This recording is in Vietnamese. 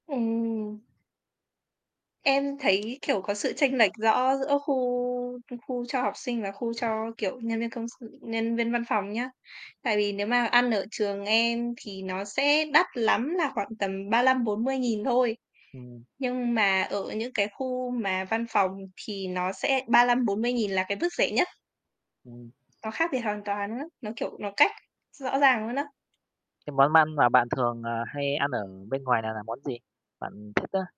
Ừm. Em thấy, kiểu, có sự chênh lệch rõ giữa khu khu cho học sinh và khu cho, kiểu, nhân viên công s viên văn phòng nhá. Tại vì nếu mà ăn ở trường em thì nó sẽ đắt lắm là khoảng tầm 35.000-40.000 thôi, Ừm. nhưng mà ở những cái khu mà văn phòng thì nó sẽ 35.000-40.000 là cái mức rẻ nhất. Ừm. Nó khác biệt hoàn toàn luôn á, nó, kiểu, nó cách rõ ràng luôn á. Cái món ăn mà bạn thường, ờ, hay ăn ở bên ngoài này là món gì bạn thích á?